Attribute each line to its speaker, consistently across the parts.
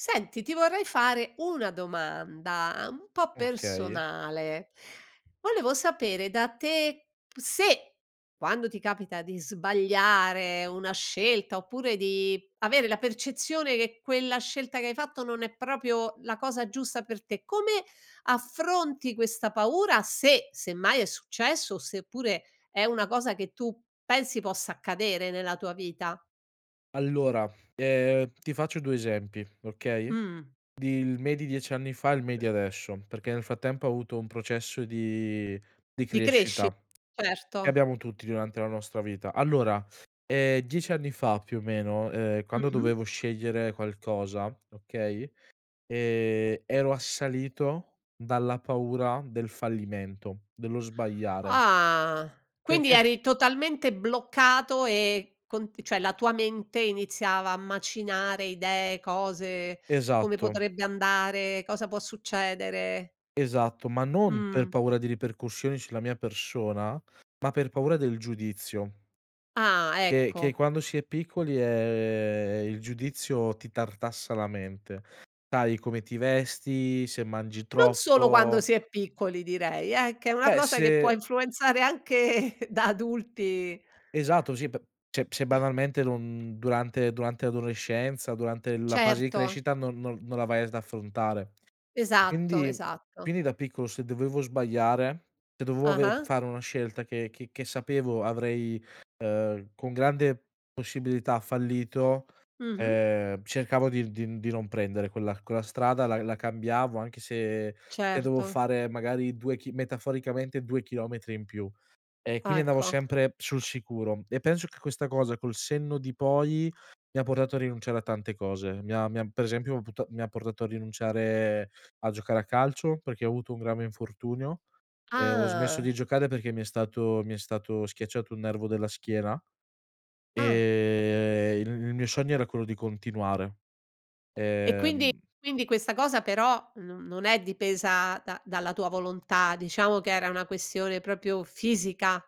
Speaker 1: Senti, ti vorrei fare una domanda un po'
Speaker 2: Okay.
Speaker 1: personale. Volevo sapere da te, se quando ti capita di sbagliare una scelta, oppure di avere la percezione che quella scelta che hai fatto non è proprio la cosa giusta per te, come affronti questa paura se, semmai, è successo o seppure è una cosa che tu pensi possa accadere nella tua vita?
Speaker 2: Allora, ehm, ti faccio due esempi, okay,
Speaker 1: Mh.
Speaker 2: di il me di 10 anni fa, il me di adesso. Perché nel frattempo, ho avuto un processo di di
Speaker 1: Ci cresci,
Speaker 2: crescita che
Speaker 1: certo.
Speaker 2: abbiamo tutti durante la nostra vita. Allora, ehm, 10 anni fa più o meno, uhm, quando
Speaker 1: Mh-mh.
Speaker 2: dovevo scegliere qualcosa, okay, ehm, ero assalito dalla paura del fallimento, dello sbagliare
Speaker 1: Ah, quindi
Speaker 2: perché
Speaker 1: eri totalmente bloccato e con cioè la tua mente iniziava a macinare idee, cose: come
Speaker 2: Esatto.
Speaker 1: potrebbe andare, cosa può succedere?
Speaker 2: Esatto, ma non per
Speaker 1: Mh.
Speaker 2: paura di ripercussioni sulla mia persona, ma per paura del giudizio
Speaker 1: Ah,
Speaker 2: che che
Speaker 1: ecco.
Speaker 2: quando si è piccoli, ehm, il giudizio ti tartassa la mente, sai, come ti vesti, se mangi
Speaker 1: Non solo quando
Speaker 2: troppo
Speaker 1: si è piccoli direi eh, che è una
Speaker 2: Beh,
Speaker 1: cosa che può
Speaker 2: se
Speaker 1: influenzare anche da adulti.
Speaker 2: Esatto, sì. Per cioè, se banalmente non durante durante l'adolescenza, durante la fase di
Speaker 1: Certo.
Speaker 2: crescita non non non la vai ad affrontare.
Speaker 1: Esatto,
Speaker 2: Quindi
Speaker 1: esatto.
Speaker 2: quindi da piccolo se dovevo sbagliare e dovevo aver
Speaker 1: Ah-ah.
Speaker 2: fare una scelta che che che sapevo avrei, uhm, con grande possibilità fallito,
Speaker 1: Mh-mh.
Speaker 2: ehm, cercavo di di di non prendere quella quella strada, la la cambiavo anche se e dovevo
Speaker 1: Certo.
Speaker 2: fare magari 2 chi metaforicamente 2 chilometri in più. E
Speaker 1: Ah,
Speaker 2: quindi, andavo
Speaker 1: ecco.
Speaker 2: sempre sul sicuro. E penso che questa cosa, col senno di poi, mi ha portato a rinunciare a tante cose. Mi ha mi ha per esempio, puta mi ha portato a rinunciare a giocare a calcio, perché ho avuto un grave infortunio e ho smesso
Speaker 1: Ah.
Speaker 2: di giocare perché mi è stato mi è stato schiacciato un nervo della schiena,
Speaker 1: Ah.
Speaker 2: ehm, il il mio sogno era quello di continuare.
Speaker 1: E quindi
Speaker 2: Ehm
Speaker 1: quindi, questa cosa però, non non è dipesa da dalla tua volontà. Diciamo che era una questione proprio fisica,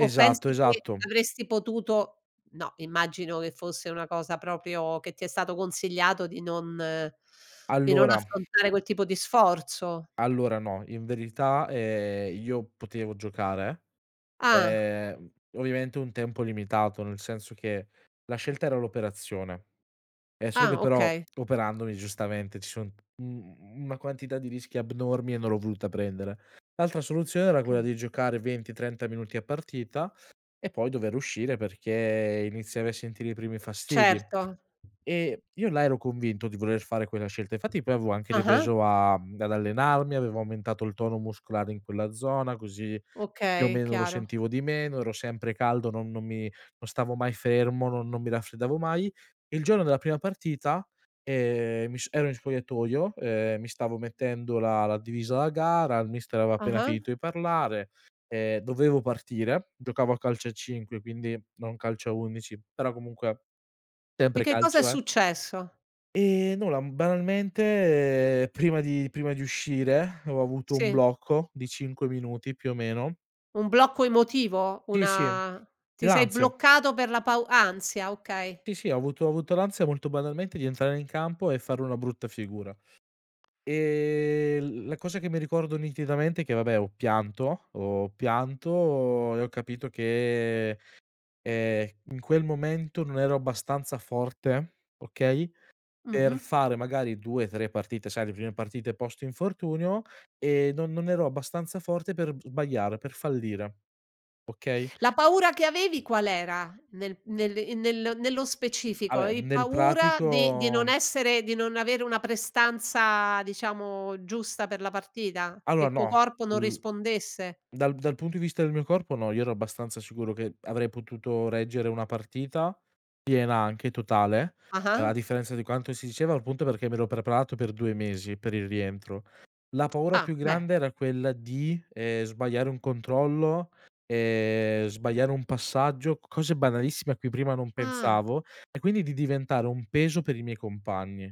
Speaker 1: o pensi che
Speaker 2: esatto.
Speaker 1: avresti potuto no, immagino che fosse una cosa proprio che ti è stato consigliato di non di non
Speaker 2: Allora
Speaker 1: affrontare quel tipo di sforzo?
Speaker 2: allora, no. In verità, ehm, io potevo giocare,
Speaker 1: Ah.
Speaker 2: ehm, ovviamente un tempo limitato, nel senso che la scelta era l'operazione è solo che
Speaker 1: Ah,
Speaker 2: però
Speaker 1: okay.
Speaker 2: operandomi, giustamente, ci son un mhmm, una quantità di rischi abnormi e non l'ho voluta prendere. L'altra soluzione era quella
Speaker 1: Okay.
Speaker 2: di giocare 20-30 minuti a partita e poi dover uscire, perché iniziavi a sentire i primi fastidi.
Speaker 1: Certo.
Speaker 2: E io là, ero convinto di voler fare quella scelta. Infatti poi avevo anche
Speaker 1: Ah-ah.
Speaker 2: ripreso a ad allenarmi, avevo aumentato il tono muscolare in quella zona, così, più o
Speaker 1: Okay,
Speaker 2: meno, lo
Speaker 1: chiaro.
Speaker 2: sentivo di meno, ero sempre caldo, non non mi non stavo mai fermo, non non mi raffreddavo mai. Il giorno della prima partita, ehm, mi so ero in spogliatoio, ehm, mi stavo mettendo la la divisa da gara, il mister aveva appena
Speaker 1: Ah-ah.
Speaker 2: finito di parlare, ehm, dovevo partire. Giocavo a calcio a 5, quindi non calcio a 11 però, comunque
Speaker 1: E
Speaker 2: sempre
Speaker 1: che cosa è
Speaker 2: calcio è.
Speaker 1: successo?
Speaker 2: E nulla, mhmm, banalmente prima di prima di uscire, ho avuto un
Speaker 1: Sì.
Speaker 2: blocco di 5 minuti più o meno.
Speaker 1: Un blocco emotivo?
Speaker 2: Sì, sì.
Speaker 1: Una ti sei
Speaker 2: L'ansia.
Speaker 1: bloccato per la paur ansia. Okay.
Speaker 2: Sì, sì. Ho avuto ho avuto l'ansia, molto banalmente, di entrare in campo e fare una brutta figura. Ehm, l la cosa che mi ricordo nitidamente è che vabbè, ho pianto ho pianto e ho capito che, ehm, in quel momento non ero abbastanza forte, okay, per
Speaker 1: Mh-mh.
Speaker 2: fare magari 2-3 partite. Sai, le prime partite post infortunio e non non ero abbastanza forte per sbagliare, per fallire, okay?
Speaker 1: La paura che avevi, qual era? Nel nel in nel nello
Speaker 2: Ah
Speaker 1: specifico,
Speaker 2: beh,
Speaker 1: avevi
Speaker 2: nel
Speaker 1: paura di di non
Speaker 2: pratico
Speaker 1: essere di non avere una prestanza, diciamo, giusta per la partita, che
Speaker 2: Allora,
Speaker 1: il tuo
Speaker 2: no.
Speaker 1: corpo non
Speaker 2: Mhmm,
Speaker 1: rispondesse?
Speaker 2: dal dal punto di vista del mio corpo no. Io ero abbastanza sicuro che avrei potuto reggere una partita piena anche, totale. A
Speaker 1: Ah-ah.
Speaker 2: differenza di quanto si diceva, al punto perché mi ero preparato per 2 mesi per il rientro. La paura più
Speaker 1: Ah, beh.
Speaker 2: grande era quella di, ehm, sbagliare un controllo, ehm, sbagliare un passaggio, cose banalissime, a cui prima non
Speaker 1: Ah.
Speaker 2: pensavo e quindi, di diventare un peso per i miei compagni.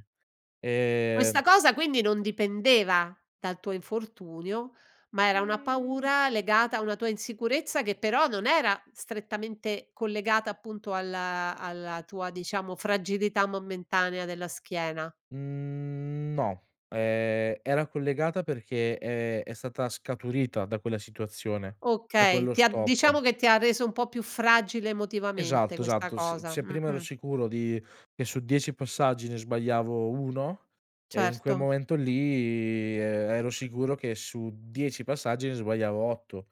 Speaker 2: Ehm
Speaker 1: Questa cosa quindi, non dipendeva dal tuo infortunio, ma era una
Speaker 2: Mhmm
Speaker 1: paura legata a una tua insicurezza che però, non era strettamente collegata, appunto, alla alla tua, diciamo, fragilità momentanea della schiena?
Speaker 2: Mhmm, no. Ehm, era collegata, perché, ehm, è stata scaturita da quella situazione, da
Speaker 1: Okay,
Speaker 2: quello
Speaker 1: ti ha
Speaker 2: stop.
Speaker 1: diciamo che ti ha reso un po' più fragile emotivamente
Speaker 2: Esatto,
Speaker 1: questa
Speaker 2: esatto. Se
Speaker 1: cosa.
Speaker 2: se prima ero
Speaker 1: Mh-mh.
Speaker 2: sicuro di che su 10 passaggi, ne sbagliavo 1, e in quel
Speaker 1: Certo.
Speaker 2: momento lì, ero sicuro che su 10 passaggi ne sbagliavo 8.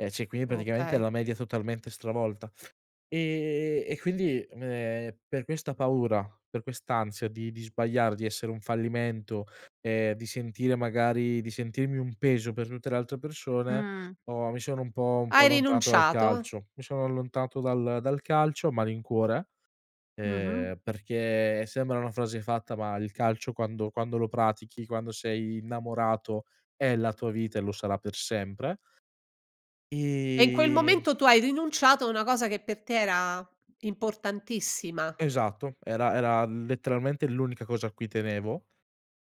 Speaker 2: E cioè, quindi praticamente
Speaker 1: Okay.
Speaker 2: la media totalmente stravolta. Ehm, e quindi, ehm, per questa paura, per quest'ansia di di sbagliare, di essere un fallimento, ehm, di sentire magari, di sentirmi un peso per tutte le altre persone,
Speaker 1: Mh.
Speaker 2: ho mi sono un po' un po'
Speaker 1: Hai
Speaker 2: allontanato dal
Speaker 1: rinunciato.
Speaker 2: calcio. Mi sono allontanato dal dal calcio a malincuore, ehm,
Speaker 1: Mh-mh.
Speaker 2: perché, sembra una frase fatta, ma il calcio quando quando lo pratichi, quando sei innamorato, è la tua vita e lo sarà per sempre.
Speaker 1: E in quel
Speaker 2: Ehm
Speaker 1: momento, tu hai rinunciato a una cosa che per te era importantissima.
Speaker 2: Esatto, era era letteralmente l'unica cosa a cui tenevo.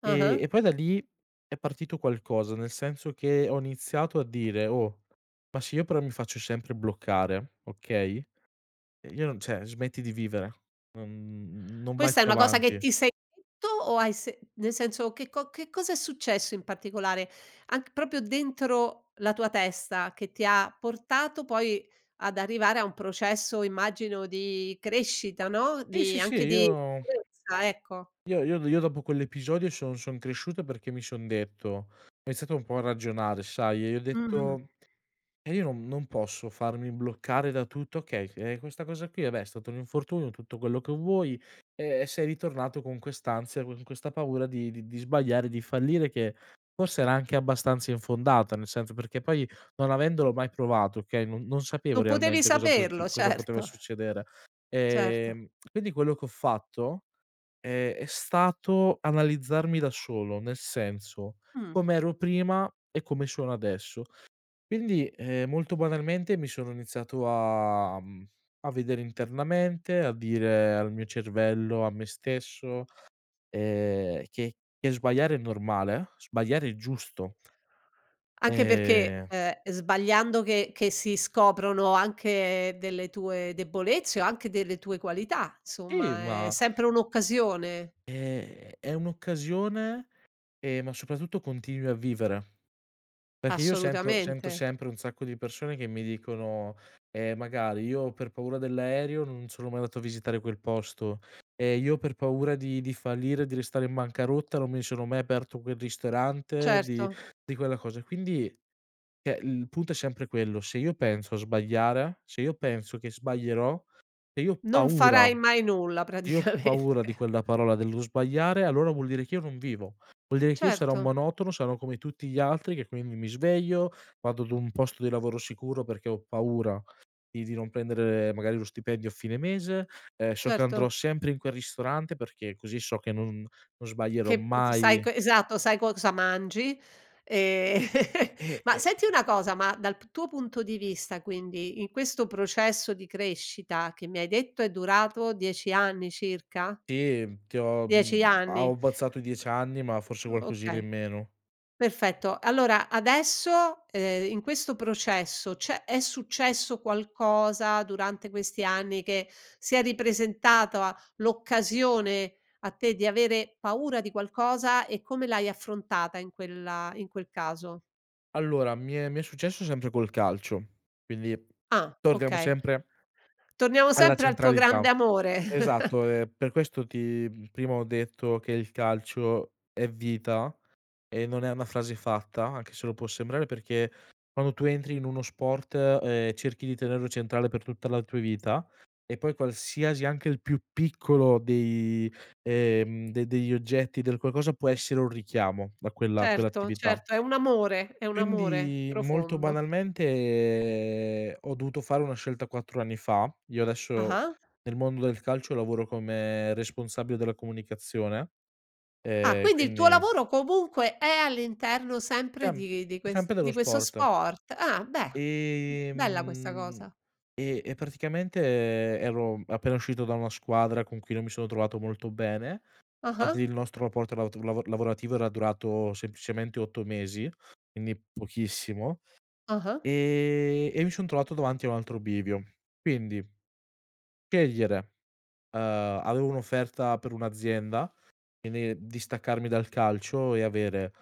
Speaker 2: E
Speaker 1: Ah-ah.
Speaker 2: e poi da lì, è partito qualcosa nel senso che ho iniziato a dire: "Oh, ma se io però mi faccio sempre bloccare, okay e io non cioè, smetti di vivere, non non vai
Speaker 1: Questa è
Speaker 2: più
Speaker 1: una cosa che
Speaker 2: avanti."
Speaker 1: ti sei detto o hai se nel senso, che co che cosa è successo in particolare? Anc proprio, dentro la tua testa che ti ha portato poi ad arrivare a un processo, immagino, di crescita, no,
Speaker 2: Sì,
Speaker 1: di
Speaker 2: sì, sì,
Speaker 1: anche di
Speaker 2: io
Speaker 1: [unintelligible] ecco.
Speaker 2: io io io dopo quell'episodio, son son cresciuto, perché mi son detto ho iniziato un po' a ragionare, sai, e i ho
Speaker 1: Mh. Mh-mh.
Speaker 2: detto: "Eh, io non non posso farmi bloccare da tutto okay, eh, questa cosa qui, vabbè, è stato un infortunio, tutto quello che vuoi, e e sei ritornato con quest'ansia, con questa paura di di sbagliare, di fallire che forse era anche abbastanza infondata." Nel senso, perché poi, non avendolo mai provato, okay, non non sapevo
Speaker 1: Non potevi
Speaker 2: realmente cosa pos
Speaker 1: saperlo,
Speaker 2: cosa poteva
Speaker 1: certo.
Speaker 2: succedere.
Speaker 1: Certo.
Speaker 2: Ehm, quindi quello che ho fatto, ehm, è stato analizzarmi da solo nel senso,
Speaker 1: Mh.
Speaker 2: com'ero prima e come sono adesso. Quindi, ehm, molto banalmente, mi sono iniziato a, mhmm, a vedere internamente, a dire al mio cervello, a me stesso, ehm: "Che che sbagliare è normale, sbagliare è giusto."
Speaker 1: Anche perché,
Speaker 2: Ehm
Speaker 1: ehm, sbagliando che che si scoprono anche delle tue debolezze o anche delle tue qualità.
Speaker 2: Sì,
Speaker 1: Insomma è
Speaker 2: ma
Speaker 1: sempre un occasione.
Speaker 2: Ehm, è un'occasione, ehm, ma soprattutto continui a vivere. Perché io sento sento
Speaker 1: Assolutamente.
Speaker 2: sempre un sacco di persone che mi dicono, ehm, magari: "Io per paura dell'aereo, non sono mai andato a visitare quel posto. Ehm, io per paura di di fallire, di restare in bancarotta, non mi sono mai aperto quel ristorante, di
Speaker 1: Certo.
Speaker 2: di quella cosa." E quindi cioè, il punto è sempre quello: se io penso a sbagliare, se io penso che sbaglierò, se io ho
Speaker 1: Non
Speaker 2: paura,
Speaker 1: farai mai nulla
Speaker 2: se io ho paura di
Speaker 1: praticamente.
Speaker 2: quella parola, dello sbagliare, allora vuol dire che io non vivo. Vuol dire che io sarò un
Speaker 1: Certo.
Speaker 2: monotono, sarò come tutti gli altri che quindi, mi sveglio, vado ad un posto di lavoro sicuro, perché ho paura di di non prendere magari lo stipendio a fine mese, ehm, so che andrò
Speaker 1: Certo.
Speaker 2: sempre in quel ristorante, perché così so che non non sbaglierò
Speaker 1: Che p sai, c
Speaker 2: mai
Speaker 1: esatto, sai cosa mangi. Ehm,
Speaker 2: Eh,
Speaker 1: ma
Speaker 2: eh
Speaker 1: senti una cosa, ma dal p tuo punto di vista quindi, in questo processo di crescita che mi hai detto è durato 10 anni circa?
Speaker 2: Sì, ti ho,
Speaker 1: 10
Speaker 2: mhmm, a ho
Speaker 1: anni.
Speaker 2: abbozzato 10 anni, ma forse qualcosina
Speaker 1: Okay.
Speaker 2: in meno.
Speaker 1: Perfetto. Allora adesso, ehm, in questo processo c'è è successo qualcosa durante questi anni che si è ripresentata l'occasione a te di avere paura di qualcosa e come l'hai affrontata in quella in quel caso?
Speaker 2: Allora, mi è mi è successo sempre col calcio, quindi
Speaker 1: Ah,
Speaker 2: torniamo
Speaker 1: okay.
Speaker 2: sempre
Speaker 1: Torniamo
Speaker 2: alla
Speaker 1: sempre al tuo
Speaker 2: centralità,
Speaker 1: grande amore.
Speaker 2: esatto. Ehm, per questo ti prima ho detto che il calcio è vita, e non è una frase fatta, anche se lo può sembrare. Perché quando tu entri in uno sport, ehm, cerchi di tenerlo centrale per tutta la tua vita, e poi qualsiasi anche il più piccolo dei, ehm, de degli oggetti del qualcosa può essere un richiamo da quella
Speaker 1: Certo,
Speaker 2: quell'attività
Speaker 1: certo, è un amore, è un amore
Speaker 2: quindi, molto
Speaker 1: profondo.
Speaker 2: banalmente, ho dovuto fare una scelta 4 anni fa. Io adesso,
Speaker 1: Ah-ah.
Speaker 2: nel mondo del calcio lavoro come responsabile della comunicazione,
Speaker 1: Ah,
Speaker 2: ehm,
Speaker 1: quindi il tuo
Speaker 2: quindi
Speaker 1: lavoro comunque è all'interno sempre
Speaker 2: [unintelligible]
Speaker 1: di di ques
Speaker 2: sempre dello
Speaker 1: di questo
Speaker 2: sport.
Speaker 1: sport. Ah beh, bella questa
Speaker 2: Ehm,
Speaker 1: cosa.
Speaker 2: e e praticamente, ero appena uscito da una squadra con cui non mi sono trovato molto bene,
Speaker 1: Ah-ah.
Speaker 2: fatti il nostro rapporto lavot lavora lavorativo era durato semplicemente 8 mesi, quindi pochissimo,
Speaker 1: Ah-ah.
Speaker 2: ehm, e mi son trovato davanti a un altro bivio. Quindi scegliere, uhm, avevo un'offerta per un'azienda, quindi distaccarmi dal calcio e avere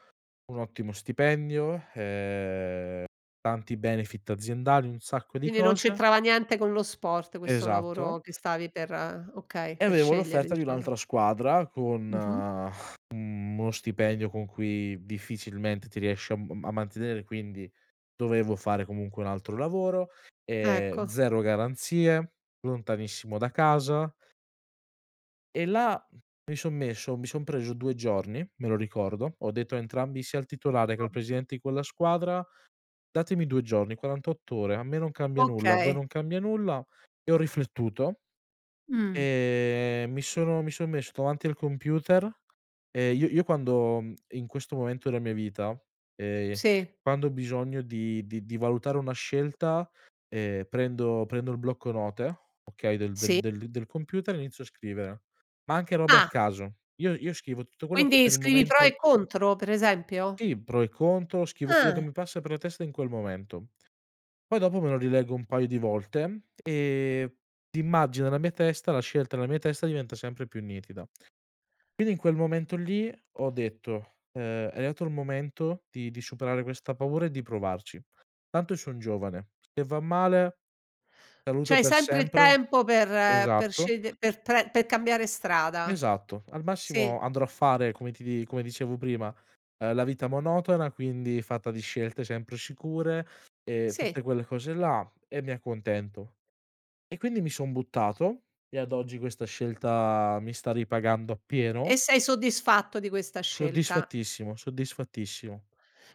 Speaker 2: un ottimo stipendio, ehm, tanti benefit aziendali, un sacco di
Speaker 1: Quindi, non
Speaker 2: cose
Speaker 1: c'entrava niente con lo sport questo lavoro
Speaker 2: Esatto.
Speaker 1: che stavi per okay,
Speaker 2: E
Speaker 1: per
Speaker 2: avevo
Speaker 1: scegliere
Speaker 2: l'offerta di
Speaker 1: diciamo.
Speaker 2: un'altra squadra, con
Speaker 1: Mh-mh.
Speaker 2: uno stipendio con cui difficilmente ti riesci a m a mantenere, quindi dovevo fare comunque un altro lavoro, ehm,
Speaker 1: Ecco.
Speaker 2: zero garanzie lontanissimo da casa. E là, mi son messo mi son preso 2 giorni, me lo ricordo. Ho detto a entrambi, sia al titolare che al
Speaker 1: [unintelligible]
Speaker 2: presidente di quella squadra datemi 2 giorni, 48 ore, a me non cambia nulla, a voi
Speaker 1: Okay.
Speaker 2: non cambia nulla. E ho riflettuto,
Speaker 1: Mh.
Speaker 2: ehm, mi sono mi son messo davanti al computer. Ehm, io io, quando in questo momento della mia vita, ehm,
Speaker 1: Sì.
Speaker 2: quando ho bisogno di di di valutare una scelta, ehm, prendo prendo il blocco note, okay, del
Speaker 1: Sì.
Speaker 2: del del computer, inizio a scrivere, ma anche robe a
Speaker 1: Ah.
Speaker 2: caso. Io io scrivo tutto quello che
Speaker 1: Quindi,
Speaker 2: per il
Speaker 1: scrivi i pro
Speaker 2: momento
Speaker 1: e contro per esempio?
Speaker 2: Sì, pro e contro. Scrivo quello che
Speaker 1: Ah.
Speaker 2: mi passa per la testa in quel momento. Poi dopo, me lo rileggo un paio di volte e immagino nella mia testa la scelta nella mia testa diventa sempre più nitida. Quindi, in quel momento lì, ho detto, ehm: "È arrivato il momento di di superare questa paura e di provarci. Tanto, io son giovane, se va male, saluto
Speaker 1: C'hai
Speaker 2: per
Speaker 1: sempre il
Speaker 2: sempre."
Speaker 1: tempo per per
Speaker 2: Esatto.
Speaker 1: scegl per prend per cambiare strada,
Speaker 2: Esatto, al massimo
Speaker 1: sì.
Speaker 2: andrò a fare come ti di come dicevo prima, ehm, la vita monotona quindi fatta di scelte sempre sicure, ehm,
Speaker 1: Sì.
Speaker 2: tutte quelle cose là e mi accontento. E quindi, mi son buttato e ad oggi, questa scelta, mi sta ripagando
Speaker 1: E
Speaker 2: appieno.
Speaker 1: sei soddisfatto di questa scelta?
Speaker 2: Soddisfattissimo, soddisfattissimo.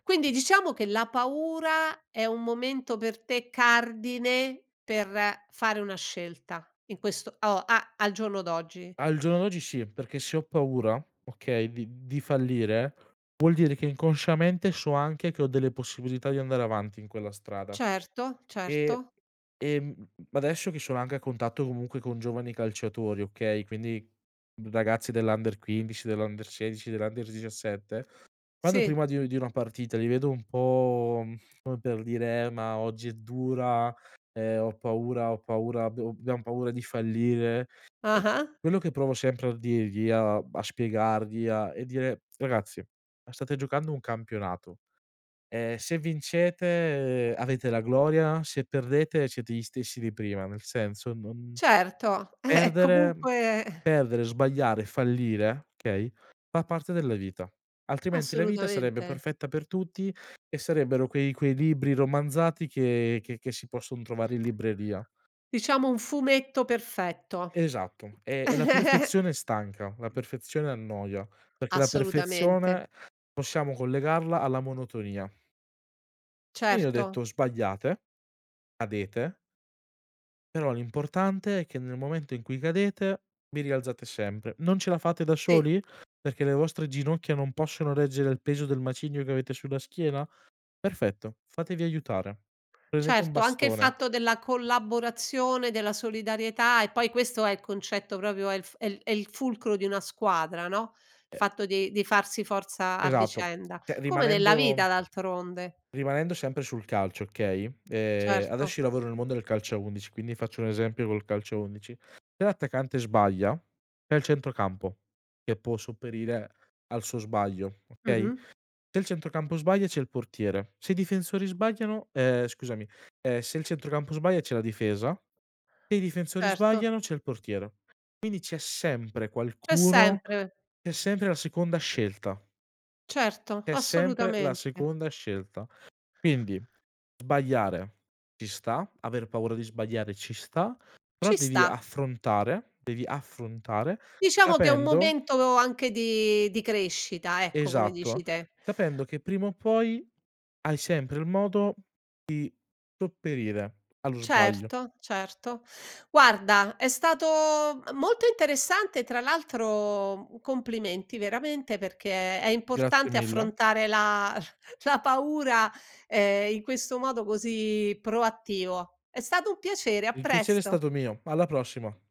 Speaker 1: Quindi, diciamo che la paura è un momento per te cardine per fare una scelta in questo o a al giorno d'oggi.
Speaker 2: Al giorno d'oggi sì, perché se ho paura, okay, di di fallire, vuol dire che inconsciamente, so anche che ho delle possibilità di andare avanti in quella strada.
Speaker 1: Certo,
Speaker 2: E,
Speaker 1: certo.
Speaker 2: ehm, adesso che sono anche a contatto comunque, con giovani calciatori, okay, quindi ragazzi dell'under 15, dell'under 16, dell'under 17 quando
Speaker 1: Sì.
Speaker 2: prima di di una partita, li vedo un po', come per dire: "Eh ma oggi è dura, ehm, ho paura ho paura abbiamo abbiam paura di fallire" ehm,
Speaker 1: Ah-ah.
Speaker 2: quello che provo sempre a dirgli a a spiegargli a e dire: "Ragazzi, ma state giocando un campionato, ehm, se vincete, uhm, avete la gloria, se perdete siete gli stessi di prima, nel senso non
Speaker 1: Certo, eh, è
Speaker 2: perdere
Speaker 1: comunque
Speaker 2: perdere, sbagliare, fallire, okay, fa parte della vita, altrimenti la vita sarebbe
Speaker 1: Assolutamente.
Speaker 2: perfetta per tutti e sarebbero quei quei libri romanzati che che che si posson trovare in libreria."
Speaker 1: Diciamo: un fumetto perfetto.
Speaker 2: Esatto. E e la perfezione stanca, la perfezione annoia, perché la
Speaker 1: Assolutamente.
Speaker 2: perfezione possiamo collegarla alla monotonia. E gli, gli ho
Speaker 1: Certo.
Speaker 2: detto:" Sbagliate, cadete" "però l'importante è che nel momento in cui cadete, vi rialzate sempre. Non ce la fate da
Speaker 1: Sì.
Speaker 2: soli? Perché le vostre ginocchia non possono reggere il peso del macigno che avete sulla schiena? Perfetto. Fatevi aiutare. Prendete un
Speaker 1: Certo, anche il
Speaker 2: bastone."
Speaker 1: fatto della collaborazione, della solidarietà e poi, questo è il concetto proprio è il è il è il fulcro di una squadra, no, il
Speaker 2: Se
Speaker 1: fatto di di farsi forza a
Speaker 2: Esatto,
Speaker 1: vicenda.
Speaker 2: cioè
Speaker 1: Come nella
Speaker 2: rimanendo
Speaker 1: vita d'altronde.
Speaker 2: rimanendo sempre sul calcio, okay, ehm,
Speaker 1: Certo.
Speaker 2: adesso io lavoro nel mondo del calcio a 11 quindi, faccio un esempio col calcio a 11. Se l'attaccante sbaglia, c'è il centrocampo che può sopperire al suo sbaglio, okay,
Speaker 1: Mh-mh.
Speaker 2: se il centrocampo sbaglia, c'è il portiere, se i difensori sbagliano ehm, scusami, ehm, se il centrocampo sbaglia, c'è la difesa, se i difensori
Speaker 1: Certo.
Speaker 2: sbagliano c'è il portiere. Quindi, c'è sempre
Speaker 1: C'è
Speaker 2: qualcuno
Speaker 1: sempre.
Speaker 2: c'è sempre la seconda scelta.
Speaker 1: Certo,
Speaker 2: C'è sempre la
Speaker 1: assolutamente.
Speaker 2: seconda scelta. Quindi, sbagliare ci sta, aver paura di sbagliare ci sta, però
Speaker 1: Ci
Speaker 2: devi
Speaker 1: sta.
Speaker 2: affrontare, devi affrontare
Speaker 1: Diciamo che è un
Speaker 2: capendo
Speaker 1: momento anche di di crescita ecco, come dici
Speaker 2: Esatto,
Speaker 1: te.
Speaker 2: capendo che prima o poi, hai sempre il modo di sopperire allo sbaglio.
Speaker 1: Certo, certo. Guarda è stato, m molto interessante, tra l'altro u complimenti veramente, perché è
Speaker 2: Grazie
Speaker 1: importante
Speaker 2: mille.
Speaker 1: affrontare la la paura, ehm, in questo modo così proattivo. È stato un piacere, a
Speaker 2: Il piacere è
Speaker 1: presto.
Speaker 2: stato mio, alla prossima.